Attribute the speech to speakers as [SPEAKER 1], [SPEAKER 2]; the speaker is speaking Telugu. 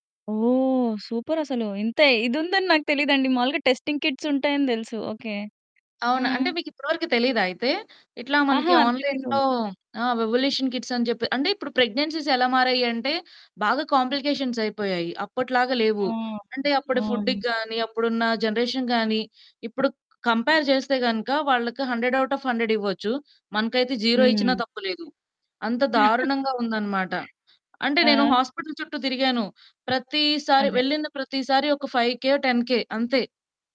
[SPEAKER 1] ఓహ్! సూపరసలు ఇంతే ఇదుందని నాకు తెలీదండి. మాములుగా టెస్టింగ్ కిట్స్ ఉంటాయని దెలుసు. ఓకె. ఆ!
[SPEAKER 2] అవునా! అంటే మీకిప్పటి వరకు తెలీదా అయితే? ఇట్లా మనకి
[SPEAKER 1] ఆహా! తెలీదు.
[SPEAKER 2] ఆన్‌లైన్‌లో ఆ! వివోల్యూషన్ కిట్స్ అని జెప్పి. అంటే ఇప్పుడు ప్రెగ్నెన్సీస్ ఎలా మారాయి అంటే బాగా కాంప్లికేషన్స్ అయిపోయాయి. అప్పటిలాగా
[SPEAKER 1] ఆ!
[SPEAKER 2] లేవు. అంటే అప్పుడు ఫుడ్‌
[SPEAKER 1] అవును.
[SPEAKER 2] గాని ,అప్పుడు ఉన్న జనరేషన్‌ గాని. ఇప్పుడు కంపేర్ చేస్తే గనక వాళ్ళకి హండ్రెడ్ ఔట్ ఆఫ్ హండ్రెడ్ ఇవ్వచ్చు. మనకైతే 0 ఇచ్చినా
[SPEAKER 1] హ్మ్.
[SPEAKER 2] తప్పు లేదు. అంత దారుణంగా ఉందనమాట. అంటే నేను
[SPEAKER 1] ఆ!
[SPEAKER 2] హాస్పిటల్ చుట్టూ తిరిగాను. ప్రతిసారి,
[SPEAKER 1] అదే.
[SPEAKER 2] వెళ్ళిన ప్రతిసారి ఒక ఫైవ్ కె, టెన్ కె అంతే.